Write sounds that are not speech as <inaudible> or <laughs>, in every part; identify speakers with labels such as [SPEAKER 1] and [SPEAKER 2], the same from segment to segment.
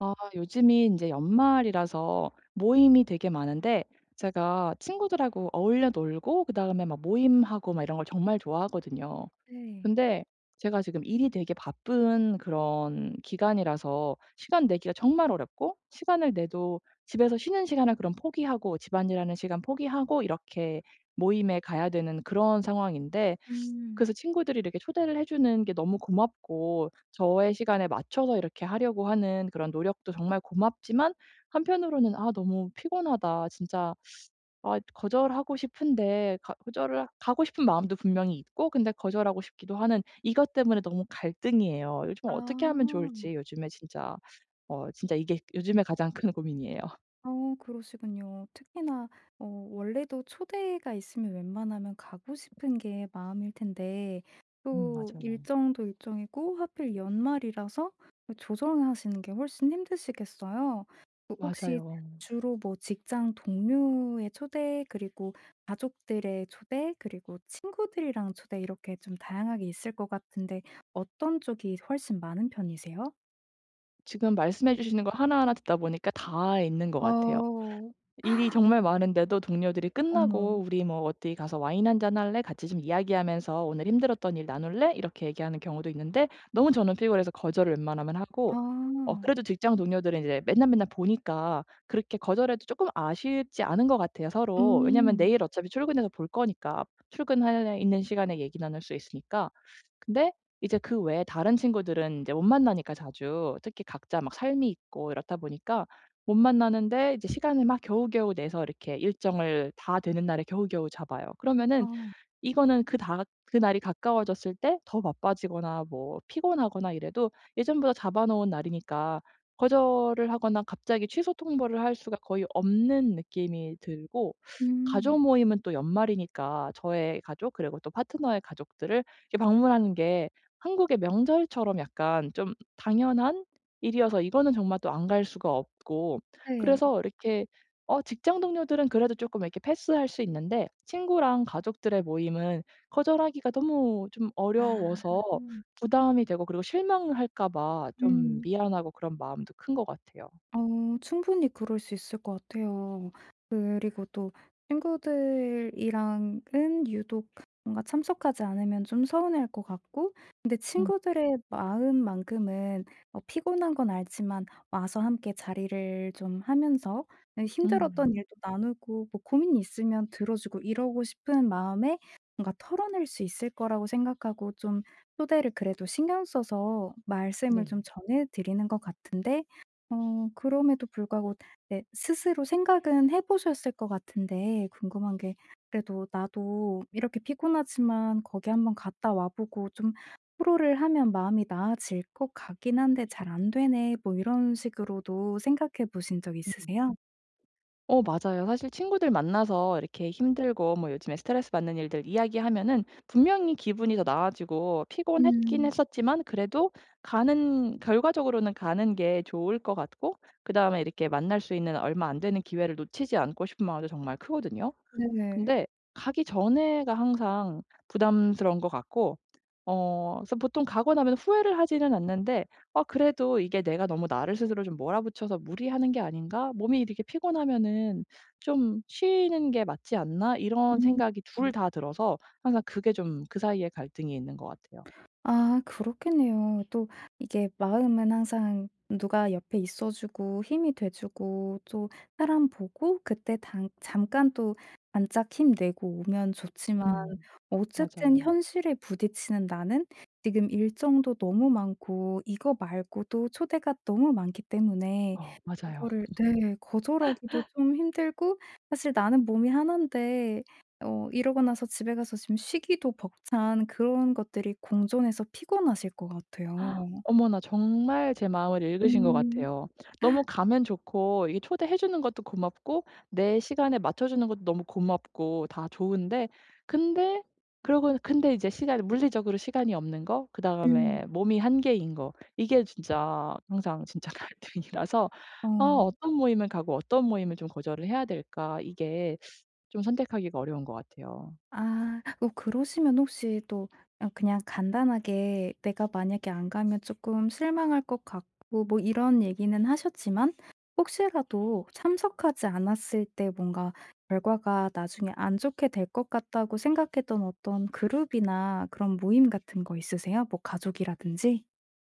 [SPEAKER 1] 아 요즘이 인제 연말이라서 모임이 되게 많은데 제가 친구들하고 어울려 놀고 그다음에 막 모임하고 막 이런 걸 정말 좋아하거든요.
[SPEAKER 2] 네.
[SPEAKER 1] 근데 제가 지금 일이 되게 바쁜 그런 기간이라서 시간 내기가 정말 어렵고 시간을 내도 집에서 쉬는 시간을 그럼 포기하고, 집안일하는 시간 포기하고 이렇게 모임에 가야 되는 그런 상황인데
[SPEAKER 2] 음.
[SPEAKER 1] 그래서 친구들이 이렇게 초대를 해 주는 게 너무 고맙고 저의 시간에 맞춰서 이렇게 하려고 하는 그런 노력도 정말 고맙지만 한편으로는 '아 너무 피곤하다.' 진짜 <sucks teeth> 아 거절하고 싶은데 가 거절을 가고 싶은 마음도 분명히 있고 근데 거절하고 싶기도 하는 이것 때문에 너무 갈등이에요. 요즘 어떻게 하면
[SPEAKER 2] 아.
[SPEAKER 1] 좋을지 요즘에 진짜 <sucks teeth> 어 진짜 이게 요즘에 가장 큰 고민이에요.
[SPEAKER 2] 어 그러시군요. 특히나 어 원래도 초대가 있으면 웬만하면 가고 싶은 게 마음일 텐데
[SPEAKER 1] 음,
[SPEAKER 2] 또
[SPEAKER 1] 맞아요.
[SPEAKER 2] 일정도 일정이고 하필 연말이라서 그 조정하시는 게 훨씬 힘드시겠어요. 그 혹시
[SPEAKER 1] 맞아요.
[SPEAKER 2] 주로 뭐 직장 동료의 초대, 그리고 가족들의 초대, 그리고 친구들이랑 초대 이렇게 좀 다양하게 있을 것 같은데 어떤 쪽이 서 훨씬 많은 편이세요?
[SPEAKER 1] 지금 말씀해 주시는 거 하나하나 듣다 보니까 다 있는 것 같아요.
[SPEAKER 2] 어우.
[SPEAKER 1] 일이
[SPEAKER 2] <gasps>
[SPEAKER 1] 정말 많은데도 동료들이 끝나고
[SPEAKER 2] 어머.
[SPEAKER 1] "우리 뭐 어디 가서 와인 1 잔 할래? 같이 좀 이야기하면서 오늘 힘들었던 일 나눌래?" 이렇게 얘기하는 경우도 있는데 너무 저는 너무 피곤해서 거절을 웬만하면 하고 어
[SPEAKER 2] 아.
[SPEAKER 1] 그래도 직장 동료들은 이제 맨날맨날 보니까 그렇게 거절해도 쪼끔 아쉽지 않은 것 같아요, 서로. 왜냐면
[SPEAKER 2] 음.
[SPEAKER 1] 내일 어차피 출근해서 볼 거니까, 출근할래 있는 시간에 얘기 나눌 수 있으니까. 근데 이제 그 외에 다른 친구들은 인제 못 만나니까 자주. 특히 각자 막 삶이 있고 이렇다 보니까 못 만나는데 이제 시간을 막 겨우겨우 내서 이렇게 일정을 다 되는 날에 겨우겨우 잡아요. 그러면은
[SPEAKER 2] 아.
[SPEAKER 1] 이거는 그 다 가 그날이 가까워졌을 때 더 바빠지거나 뭐 피곤하거나 이래도 예전보다 잡아놓은 날이니까 거절을 하거나 갑자기 취소 통보를 할 수가 거의 없는 느낌이 들고
[SPEAKER 2] 음.
[SPEAKER 1] 가족 모임은 또 연말이니까 저의 가족 그리고 또 파트너의 가족들을 이렇게 방문하는 게 한국의 명절처럼 약간 좀 당연한 일이어서 이거는 정말 또 안 갈 수가 없고
[SPEAKER 2] 네.
[SPEAKER 1] 그래서 이렇게 어 직장 동료들은 그래도 쪼끔 이렇게 패스할 수 있는데 친구랑 가족들의 모임은 거절하기가 너무 좀
[SPEAKER 2] 아.
[SPEAKER 1] 어려워서 부담이 되고 그리고 실망할까 봐 좀
[SPEAKER 2] 음.
[SPEAKER 1] 미안하고 그런 마음도 큰 것 같아요.
[SPEAKER 2] 어 충분히 그럴 수 있을 것 같아요. 그리고 또 친구들이랑은 유독 뭔가 참석하지 않으면 좀 서운해할 것 같고. 근데
[SPEAKER 1] 음.
[SPEAKER 2] 친구들의 마음만큼은 뭐 피곤한 건 알지만 와서 함께 자리를 좀 하면서 그냥 힘들었던
[SPEAKER 1] 음.
[SPEAKER 2] 일도 나누고 뭐 고민이 있으면 들어주고 이러고 싶은 마음에 뭔가 털어낼 수 있을 거라고 생각하고 좀 초대를 그래도 신경 써서 말씀을
[SPEAKER 1] 네.
[SPEAKER 2] 좀 전해드리는 것 같은데 어 그럼에도 불구하고 네 스스로 생각은 해 보셨을 것 같은데 궁금한 게 그래도 '나도 이렇게 피곤하지만 거기 1 번 갔다 와 보고 좀 토로를 하면 마음이 나아질 것 같긴 한데 잘 안 되네.' 뭐 이런 식으로도 생각해 보신 적
[SPEAKER 1] 음.
[SPEAKER 2] 있으세요?
[SPEAKER 1] 어 맞아요. 사실 친구들 만나서 이렇게 힘들고 뭐 요즘에 스트레스받는 일들 이야기하면은 분명히 기분이 더 나아지고 피곤했긴
[SPEAKER 2] 음.
[SPEAKER 1] 했었지만 그래도 가는 결과적으로는 가는 게 좋을 것 같고 그다음에 이렇게 만날 수 있는 얼마 안 되는 기회를 놓치지 않고 싶은 마음도 정말 크거든요.
[SPEAKER 2] 네네.
[SPEAKER 1] 근데 가기 전에가 항상 부담스러운 것 같고 어 그래서 보통 가고 나면 후회를 하지는 않는데 '어 그래도 이게 내가 너무 나를 스스로 좀 몰아붙여서 무리하는 게 아닌가? 몸이 이렇게 피곤하면은 좀 쉬는 게 맞지 않나?' 이런
[SPEAKER 2] 음.
[SPEAKER 1] 생각이 2 다 들어서 항상 그게 좀 그 사이에 갈등이 있는 것 같아요.
[SPEAKER 2] 아 그렇겠네요. 또 이게 마음은 항상 누가 옆에 있어 주고 힘이 돼 주고 또 사람 보고 그때 당 잠깐 또 반짝 힘내고 오면 좋지만
[SPEAKER 1] 음.
[SPEAKER 2] 어쨌든
[SPEAKER 1] 맞아요.
[SPEAKER 2] 현실에 부딪히는 나는 지금 일정도 너무 많고 이거 말고도 초대가 너무 많기 때문에
[SPEAKER 1] 어. 맞아요.
[SPEAKER 2] 이거를 네, 거절하기도
[SPEAKER 1] <laughs>
[SPEAKER 2] 좀 힘들고 사실 나는 몸이 하난데 어 이러고 나서 집에 가서 좀 쉬기도 벅찬 그런 것들이 공존해서 피곤하실 것
[SPEAKER 1] <gasps>
[SPEAKER 2] 같아요.
[SPEAKER 1] 어머나. 정말 제 마음을 읽으신 것
[SPEAKER 2] 음.
[SPEAKER 1] 같아요. 너무
[SPEAKER 2] <laughs>
[SPEAKER 1] 가면 좋고 이게 초대해 주는 것도 고맙고 내 시간에 맞춰주는 것도 너무 고맙고 다 좋은데 근데 그러고 근데 이제 시간이 물리적으로 시간이 없는 거,
[SPEAKER 2] 음.
[SPEAKER 1] 그다음에 몸이 한계인 거. 이게 진짜 항상 진짜 갈등이라서 '아
[SPEAKER 2] 어.
[SPEAKER 1] 어떤 모임을 가고 어떤 모임을 좀 거절을 해야 될까?' 이게 좀 선택하기가 어려운 것 같아요.
[SPEAKER 2] 아. 어 그러시면 혹시 또 아 그냥 간단하게 내가 만약에 안 가면 조금 실망할 것 같고 뭐 이런 얘기는 하셨지만 혹시라도 참석하지 않았을 때 뭔가 결과가 나중에 안 좋게 될 것 같다고 생각했던 어떤 그룹이나 그런 모임 같은 거 있으세요? 뭐 가족이라든지?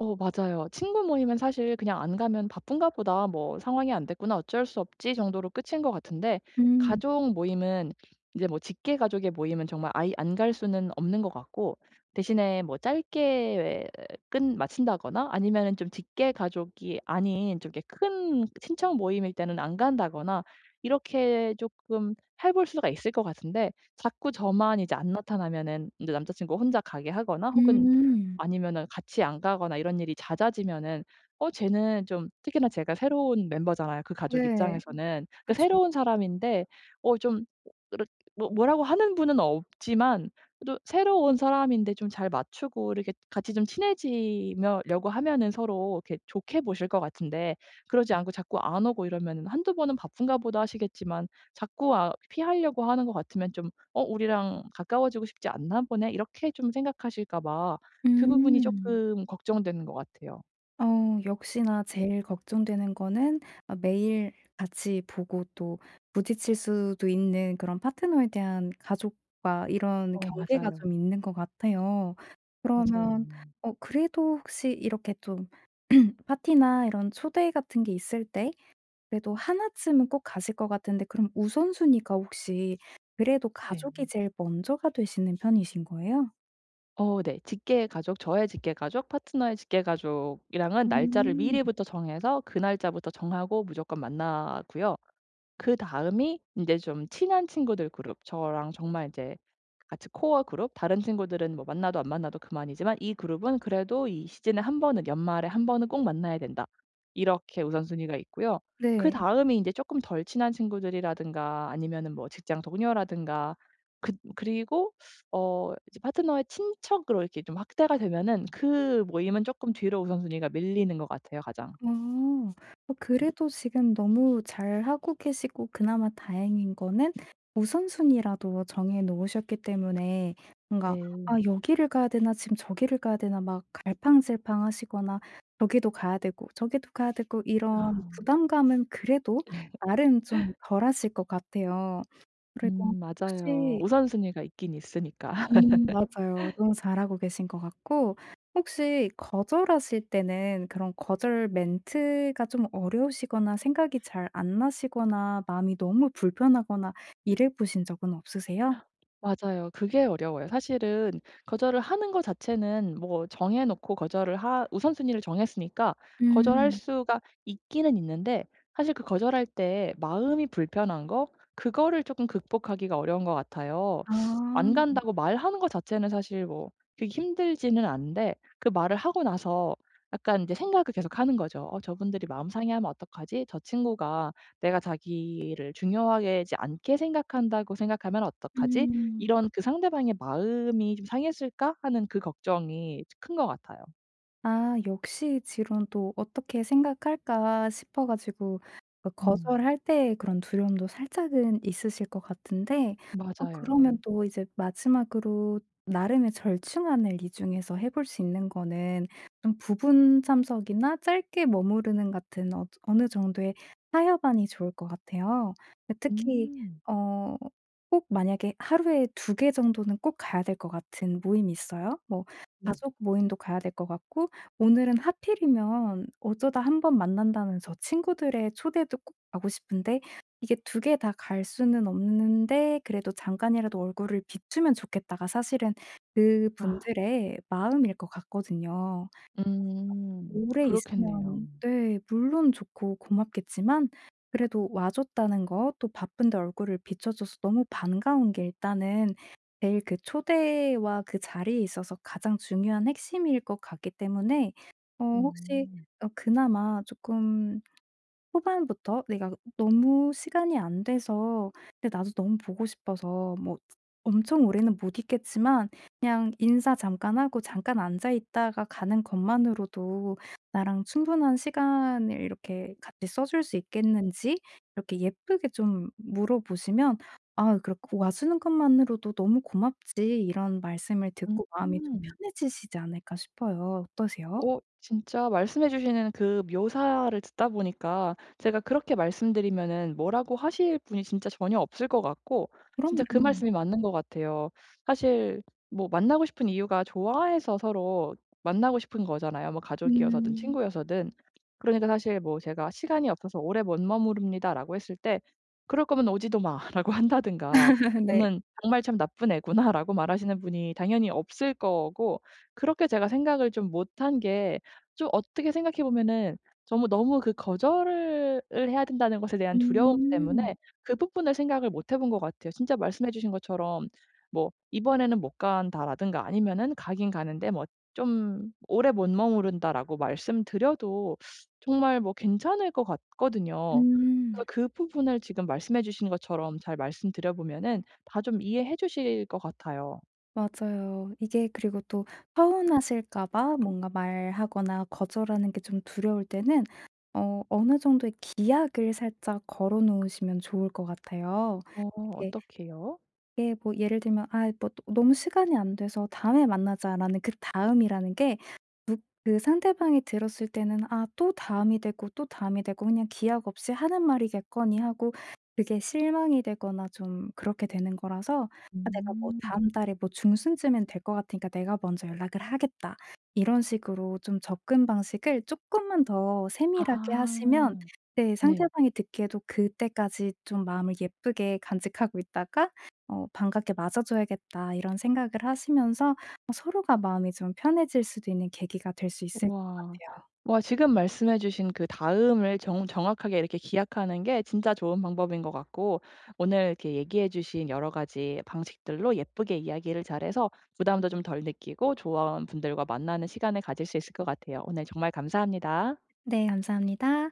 [SPEAKER 1] 어 맞아요. 친구 모임은 사실 그냥 안 가면 바쁜가 보다 뭐 상황이 안 됐구나 어쩔 수 없지 정도로 끝인 것 같은데
[SPEAKER 2] 음.
[SPEAKER 1] 가족 모임은 이제 뭐 직계 가족의 모임은 정말 아예 안 갈 수는 없는 것 같고 대신에 뭐 짧게 끝마친다거나 아니면은 좀 직계 가족이 아닌 좀 이렇게 큰 친척 모임일 때는 안 간다거나 이렇게 쪼끔 해 볼 수가 있을 것 같은데 자꾸 저만 이제 안 나타나면은 이제 남자 친구가 혼자 가게 하거나 혹은
[SPEAKER 2] 음.
[SPEAKER 1] 아니면은 같이 안 가거나 이런 일이 잦아지면은 어 쟤는 좀 특히나 제가 새로운 멤버잖아요 그 가족
[SPEAKER 2] 네.
[SPEAKER 1] 입장에서는. 그
[SPEAKER 2] 그쵸.
[SPEAKER 1] 새로운 사람인데 어 좀 그렇게 뭐 뭐라고 하는 분은 없지만 그래도 새로 온 사람인데 좀 잘 맞추고 이렇게 같이 좀 친해지며 려고 하면은 서로 이렇게 좋게 보실 것 같은데 그러지 않고 자꾸 안 오고 이러면은 1-2 번은 '바쁜가 보다.' 하시겠지만 자꾸 아 피하려고 하는 거 같으면 좀 '어 우리랑 가까워지고 싶지 않나 보네?' 이렇게 좀 생각하실까 봐 그 부분이
[SPEAKER 2] 음.
[SPEAKER 1] 쪼끔 걱정되는 것 같아요.
[SPEAKER 2] 어 역시나 제일 걱정되는 거는 어 매일 같이 보고 또 부딪칠 수도 있는 그런 파트너에 대한 가족과 이런
[SPEAKER 1] 어
[SPEAKER 2] 경계가 좀
[SPEAKER 1] 맞아요.
[SPEAKER 2] 있는 것 같아요. 그러면
[SPEAKER 1] 맞아요.
[SPEAKER 2] 어 그래도 혹시 이렇게 좀 <clears throat> 파티나 이런 초대 같은 게 있을 때 그래도 1 쯤은 꼭 가실 것 같은데 그럼 우선순위가 혹시 그래도 가족이
[SPEAKER 1] 네.
[SPEAKER 2] 제일 먼저가 되시는 편이신 거예요?
[SPEAKER 1] 어 네. 직계 가족 저의 직계 가족 파트너의 직계 가족이랑은 날짜를
[SPEAKER 2] 음.
[SPEAKER 1] 미리부터 정해서 그 날짜부터 정하고 무조건 만나고요. 그다음이 인제 좀 친한 친구들 그룹 저랑 정말 이제 같이 코어 그룹 다른 친구들은 뭐 만나도 안 만나도 그만이지만 '이 그룹은 그래도 이 시즌에 1 번은 연말에 1 번은 꼭 만나야 된다.' 이렇게 우선순위가 있고요.
[SPEAKER 2] 네.
[SPEAKER 1] 그다음이 이제 쪼끔 덜 친한 친구들이라든가 아니면은 뭐 직장 동료라든가 그 그리고 어 이제 파트너의 친척으로 이렇게 좀 확대가 되면은 그 모임은 쪼끔 뒤로 우선순위가 밀리는 것 같아요 가장.
[SPEAKER 2] 어. 어
[SPEAKER 1] <unintelligible>
[SPEAKER 2] 그래도 지금 너무 잘 하고 계시고 그나마 다행인 거는 우선순위라도 정해 놓으셨기 때문에 뭔가 '아
[SPEAKER 1] 네.
[SPEAKER 2] 여기를 가야 되나? 지금 저기를 가야 되나?' 막 갈팡질팡하시거나 여기도 가야 되고 저기도 가야 되고 이런
[SPEAKER 1] 아.
[SPEAKER 2] 부담감은 그래도
[SPEAKER 1] 예.
[SPEAKER 2] 나름 좀
[SPEAKER 1] <laughs>
[SPEAKER 2] 덜하실 것 같아요. 그리고
[SPEAKER 1] 음 맞아요.
[SPEAKER 2] 혹시
[SPEAKER 1] 우선순위가 있긴 있으니까.
[SPEAKER 2] 음 맞아요.
[SPEAKER 1] <laughs>
[SPEAKER 2] 너무 잘하고 계신 것 같고 혹시 거절하실 때는 그런 거절 멘트가 좀 어려우시거나 생각이 잘 안 나시거나 마음이 너무 불편하거나 이래 보신 적은 없으세요?
[SPEAKER 1] <gasps> 맞아요. 그게 어려워요. 사실은 거절을 하는 거 자체는 뭐 정해놓고 거절을 하 우선순위를 정했으니까 거절할
[SPEAKER 2] 음.
[SPEAKER 1] 수가 있기는 있는데 사실 그 거절할 때 마음이 불편한 거 그거를 쪼끔 극복하기가 어려운 것 같아요.
[SPEAKER 2] 아.
[SPEAKER 1] 안 간다고 말하는 거 자체는 사실 뭐 그렇게 힘들지는 않은데 그 말을 하고 나서 약간 이제 생각을 계속하는 거죠. 어 '저분들이 마음 상해하면 어떡하지?' '저 친구가 내가 자기를 중요하게 지 않게 생각한다고 생각하면 어떡하지?'
[SPEAKER 2] 음.
[SPEAKER 1] 이런 그 '상대방의 마음이 좀 상했을까?' 하는 이제 걱정이 큰 것 같아요.
[SPEAKER 2] 아 역시 지론 또 어떻게 생각할까 싶어 가지고 그
[SPEAKER 1] 음.
[SPEAKER 2] 거절할 때의 그런 두려움도 살짝은 있으실 것 같은데 어
[SPEAKER 1] 맞아요.
[SPEAKER 2] 그러면 또 이제 마지막으로 나름의 절충안을 이 중에서 해 볼 수 있는거는 좀 부분 참석이나 짧게 머무르는 같은 어즈 어느 정도의 타협안이 좋을 것 같아요. 예 특히
[SPEAKER 1] 음.
[SPEAKER 2] 어 꼭 만약에 하루에 2 개 정도는 꼭 가야 될 것 같은 모임이 있어요. '뭐
[SPEAKER 1] 네.
[SPEAKER 2] 가족 모임도 가야 될 것 같고 오늘은 하필이면 어쩌다 1 번 만난다는 저 친구들의 초대도 꼭 가고 싶은데 이게 2 개 다 갈 수는 없는데 그래도 잠깐이라도 얼굴을 비추면 좋겠다.'가 사실은 그
[SPEAKER 1] 아.
[SPEAKER 2] 분들의 마음일 것 같거든요. <unintelligible>
[SPEAKER 1] 음.
[SPEAKER 2] 오래
[SPEAKER 1] 그렇겠네요.
[SPEAKER 2] 있으면 네 물론 좋고 고맙겠지만 그래도 와줬다는 거 또 바쁜데 얼굴을 비춰줘서 너무 반가운 게 일단은 내일 그 초대와 그 자리에 있어서 가장 중요한 핵심일 것 같기 때문에 어 혹시
[SPEAKER 1] 음.
[SPEAKER 2] 어 그나마 쪼끔 후반부터 내가 너무 시간이 안 돼서 근데 나도 너무 보고 싶어서 뭐 엄청 오래는 못 있겠지만 그냥 인사 잠깐 하고 잠깐 앉아 있다가 가는 것만으로도 나랑 충분한 시간을 이렇게 같이 써 줄 수 있겠는지 이렇게 예쁘게 좀 물어보시면 "아 그래. 그 와 주는 것만으로도 너무 고맙지." 이런 말씀을 듣고 마음이 좀
[SPEAKER 1] 음.
[SPEAKER 2] 편해지시지 않을까 싶어요. 어떠세요?
[SPEAKER 1] 어 진짜 말씀해 주시는 그 묘사를 듣다 보니까 제가 그렇게 말씀드리면은 뭐라고 하실 분이 진짜 전혀 없을 것 같고 진짜 그
[SPEAKER 2] 그럼요.
[SPEAKER 1] 말씀이 맞는 것 같아요. 사실 뭐 만나고 싶은 이유가 좋아해서 서로 만나고 싶은 거잖아요. 뭐 가족이어서든
[SPEAKER 2] 음.
[SPEAKER 1] 친구여서든. 그러니까 사실 뭐 "제가 시간이 없어서 오래 못 머무릅니다."라고 했을 때 "그럴 거면 오지도 마."라고 한다든가
[SPEAKER 2] <laughs> 네.
[SPEAKER 1] "너는 정말 참 나쁜 애구나."라고 말하시는 분이 당연히 없을 거고 그렇게 제가 생각을 좀 못한 게 좀 어떻게 생각해 보면은 정말 너무 그 거절을 을 해야 된다는 것에 대한 두려움 때문에
[SPEAKER 2] 음.
[SPEAKER 1] 그 부분을 생각을 못해본 것 같아요. 진짜 말씀해 주신 것처럼 뭐 "이번에는 못 간다."라든가 아니면은 가기는 가는데 뭐 좀 "오래 못 머무른다."라고 말씀드려도 정말 뭐 괜찮을 것 같거든요. 그래서
[SPEAKER 2] 음.
[SPEAKER 1] 그 부분을 지금 말씀해 주신 것처럼 잘 말씀드려 보면은 다 좀 이해해 주실 것 같아요.
[SPEAKER 2] 맞아요. 이게 그리고 또 서운하실까 봐 뭔가 말하거나 거절하는게 좀 두려울 때는 어 어느 정도의 기약을 살짝 걸어 놓으시면 좋을 것 같아요.
[SPEAKER 1] 어.
[SPEAKER 2] 이게
[SPEAKER 1] 어떻게요?
[SPEAKER 2] 예 뭐 예를 들면 아 뭐 또 "너무 시간이 안 돼서 다음에 만나자."라는 그다음이라는 게 무 그 상대방이 들었을 때는 아 또 다음이 되고 또 다음이 되고 그냥 기약 없이 하는 말이겠거니 하고 그게 실망이 되거나 좀 그렇게 되는 거라서 '아 내가 뭐
[SPEAKER 1] 음.
[SPEAKER 2] 다음 달에 뭐 중순쯤에는 될 것 같으니까 내가 먼저 연락을 하겠다.' 이런 식으로 좀 접근 방식을 쪼끔만 더 세밀하게 하시면
[SPEAKER 1] 아.
[SPEAKER 2] 네
[SPEAKER 1] 네.
[SPEAKER 2] 상대방이 듣기에도 '그때까지 좀 마음을 예쁘게 간직하고 있다가 어 반갑게 맞아줘야겠다.' 이런 생각을 하시면서 뭐 서로가 마음이 좀 편해질 수도 있는 계기가 될 수 있을 것
[SPEAKER 1] 우와.
[SPEAKER 2] 같아요.
[SPEAKER 1] 와 지금 말씀해주신 그 다음을 정 정확하게 이렇게 기약하는 게 진짜 좋은 방법인 것 같고 오늘 이렇게 얘기해 주신 여러가지 방식들로 예쁘게 이야기를 잘 해서 부담도 좀 덜 느끼고 조언 분들과 만나는 시간을 가질 수 있을 것 같아요. 오늘 정말 감사합니다.
[SPEAKER 2] 네 감사합니다.